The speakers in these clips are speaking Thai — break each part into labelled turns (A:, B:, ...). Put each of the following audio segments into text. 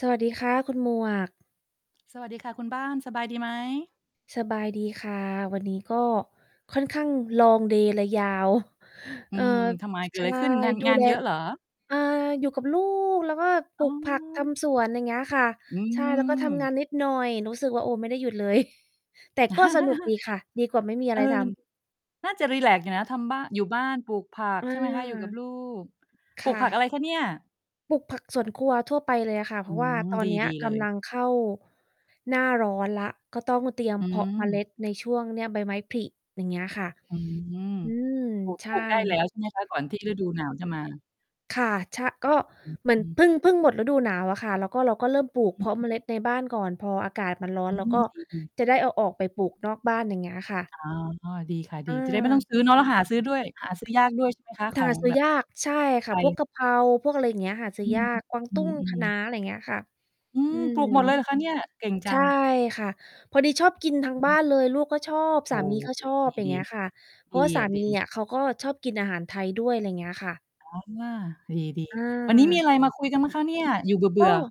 A: สวัสดีค่ะคุณหมวก
B: สวัสดีค่ะคุณบ้าน สบายดีไหม?
A: สบายดีค่ะ วันนี้ก็ค่อนข้าง Long day เลยยาว
B: อ
A: เ
B: ื
A: อ่อ
B: ม ทำไม
A: ช
B: เกิ
A: ใ
B: ด
A: ช
B: อะ
A: ่
B: ไรขึ้น งาน
A: ดู
B: งาน
A: แล
B: เยอะเหรอ?
A: อ่า อยู่กับลูกแล้วก็ป
B: อ
A: ล
B: ๋
A: ูกผักท
B: อ
A: ำสวน อย่างเงี้ยค่ะ
B: อื
A: ใช่ แล้วก็ทำงา
B: ม
A: นนิดหน่อย รู้สึกว่า โอ้ ไม่ได้หยุดเลย แต่ก็สนุกดีค่ะ ดีกว่าไม่มีอ
B: เ
A: ะ
B: อ
A: ไร
B: อ
A: ทำ
B: น่าจะรีแลกซ์อยู่นะ ทำบ้าน อยู่บ้านปลูกผัก
A: อา
B: ใช่ไหมคะ? อยู่กับลูก
A: ค
B: ปลู
A: ่
B: กผัก
A: ะ
B: อะไรคะเนี่ย?
A: ปลูกผักสวนครัวทั่วไปเลยอะค่ะ เ
B: อ
A: พ
B: ื
A: ราะว่า
B: ม
A: ตอ
B: ด
A: น
B: ี
A: เนี้
B: ด
A: ย
B: ีเ
A: ก
B: ลย
A: ำลังเข้า หน้าร้อนแล้ว ก็ต้องเตรียม
B: อื
A: เพาะเมล
B: ม
A: ็ดในช่วงเนี่ย ใบไม้ผลิ อย่างเงี้ยค่ะ
B: อืม
A: อืม
B: ปลูก
A: ใช
B: ปล
A: ่
B: ูกได้แล้วใช่ไหมคะ ก่อนที่ฤดูหนาวจะมา?
A: ค่ะ ชะ ก็
B: อ
A: เหมือ
B: ื
A: น
B: อ
A: พึ่ง พึ่งหมดฤดูหนาวอะค่ะ แล้วก็เราก็เริ่มปล
B: อ
A: ูกเพาะเม
B: ื
A: ล
B: อ ๆ
A: ็ดในบ้านก่อน พออากาศมันร้อ
B: อ
A: น
B: ื
A: เราก
B: ม
A: ็
B: ดี ๆ
A: จะได้เอาออกไปปลูกนอกบ้าน อย่างเงี้ยค่ะ
B: อ๋อ ดีค่ะ ดี จะได้ไม่ต้อง
A: อา
B: ซื้อ เนาะ หาซื้อด้วย หาซื้อยาก ด้วยใช่ไหม คะ?
A: ห
B: ขอ
A: า
B: ง
A: ซื้
B: แบ
A: อ
B: บ
A: ยาก ใช่
B: ไ
A: ค
B: ท
A: ่ะ พ
B: ย?
A: วกกะเพรา พวกอะไรอย่างเงี้ย หาซื้
B: อื
A: อย
B: ม
A: าก กวาง
B: อื
A: ตุ้ง ค
B: อ
A: ะน้า
B: ๆ
A: อะไรเงี้ยค่ะ
B: อื
A: อื
B: ม ป
A: ม
B: ลูก หมดเลยเหรอคะเนี่ย? เก่งจ
A: ใ
B: ั
A: ช่
B: ง
A: ค่ะ พอดีชอบกินทั้ง
B: อือ
A: บ้า
B: ฮึ
A: นเลย ลูกก็ชอบ
B: โ
A: ส
B: อ้
A: ามีก็
B: โฮ
A: ชอบ อย่า
B: ด
A: ง
B: ี
A: เงี้ยค่ะ เ
B: ๆ
A: พร
B: ด
A: า
B: ี
A: ะว่าส
B: อ
A: า
B: ะ ด
A: มี
B: ี
A: อะ เขาก็ชอบกินอาหารไทยด้วย อะไรเงี้ยค่ะ
B: อ๋อ ดี ๆ วันนี้มี
A: อา
B: อะไรมาคุยกันบ้างคะเนี่ย? อยู่เบ
A: ก
B: ื่อ
A: ็
B: ๆ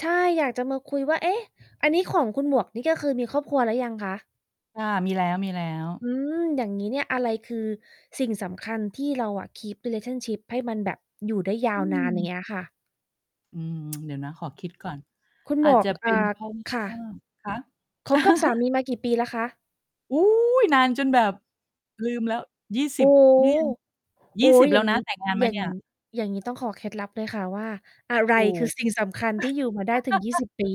A: ใช่ อยากจะมาคุยว่า เอ๊ะ อันนี้ของคุณหมวกนี่ก็คือมีครอบครัวแล้วยังคะ?
B: ค่ะ มีแล้ว ๆ
A: อืม อย่างงี้เนี่ย อะไรคือสิ่งสำคัญ ที่เราอะ keep relationship ให้มันแบบอยู่ได้ย
B: อ
A: า
B: ื
A: วนาน? อย่าง
B: ม
A: เงี้ยค่ะ
B: อืม เดี๋ยวนะขอคิดก่อน
A: คุณ
B: อ
A: หม
B: าจ
A: ว
B: จ
A: ก
B: ะเป
A: อ่า
B: ็น เพราะ
A: ค่
B: ว่า
A: ะ
B: คะ?
A: คบกับสามีมากี่ปีแล้วคะ?
B: อุ๊ย นานจนแบบ ลืมแล้ว ยี่ส
A: โอ
B: ิ
A: ้
B: บ
A: โฮ
B: นี่ไง ย
A: โอ
B: ี
A: ๊
B: ่สิ
A: ย
B: บ แ
A: อ
B: ล
A: ย
B: ้
A: ่
B: ว
A: าง
B: น
A: ง
B: ะ
A: ี้
B: แต่งงาน
A: อ
B: ม
A: ย
B: า
A: ่า
B: เน
A: ง
B: ี่ย
A: อย่างงี้ต้องขอเคล็ดลับเลยค่ะว่า อะไร
B: โอ้
A: คือสิ่งสำคัญที่อยู่มาได้ถึง 20 ปี?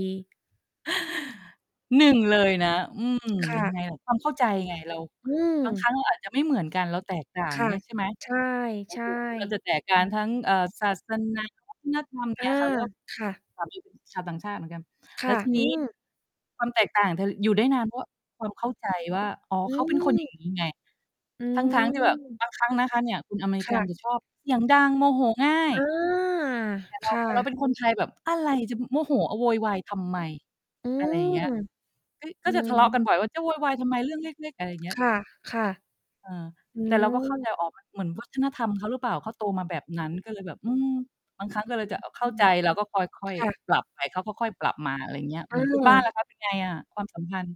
B: 1 เลยนะ อืม
A: ค่
B: ยังไ
A: ะ
B: งล่ะ ความเข้าใจไง เรา
A: อื
B: บางครั้
A: ม
B: งเราอาจจะไม่เหมือนกัน เราแตกต่าง
A: ค่ะ
B: เงี้ย ใช่ไหม?
A: ใช
B: โอ
A: ่
B: เค เรา
A: ๆ
B: จะแตกการทั้ง เอ่อ ศาสนา วัฒนธรรม อย่าง
A: อ
B: เง
A: า
B: ี้ยค่ะ เพราะว่า
A: ค่ะ
B: สามีเป็น ชาวต่างชาติเหมือนกัน
A: ค
B: แล
A: ่
B: ้
A: ะ
B: วที
A: อ
B: น
A: ื
B: ี้
A: อ
B: ความแตกต่างเธอ อยู่ได้นานเพราะ ว ความเข้าใจว่า อ๋อ
A: อื
B: เขาเป็นคน อย่าง
A: อ
B: งี้ ไง
A: อื
B: ทั้ง ๆ ที่แบบ
A: ม
B: บางครั้ง นะคะเนี่ย คนอเมร
A: ค
B: ิก
A: ่
B: ัน
A: ะ
B: จะชอบเสียงดังโมโหง่า
A: อ
B: ย
A: า
B: แต่เ
A: ค
B: รา
A: ่
B: แต่เราเป็
A: ะ
B: นคนไทยแบบ อะไรจะ ม โมโห อ โวยวายทำไม?
A: อื
B: อะไรอย่างเง
A: ม
B: ี้ย เฮ้ย ก
A: อ
B: ็
A: ื
B: จะทะเลาะก
A: อ
B: ันบ่อยว่า จะโวยวายทำไมเรื่องเล็ก ๆ? อะไรอย่างเงี้
A: ค
B: ย
A: ่ะ
B: เออ
A: ๆ อื
B: แต่เรา ก็เข้าใ
A: อ
B: จ อ๋อ มัน เหมือนวัฒนธรรมเขาหรือเปล่า? เขาโตมาแบบนั้นก็เลยแบบ อืม บางครั้ง
A: เ
B: ก็
A: ออ
B: เลยจะ อ เข
A: อ
B: ้
A: ื
B: าใ
A: ม
B: จ เราก็ค่อย
A: ค่ะ
B: ๆ ปรับไป เขาค่อยปรับมา อะไรเงี้ย เห
A: อ
B: มือน คุณบ้าน
A: า
B: ล่ะคะเป็นไงอะ ความสัมพันธ์?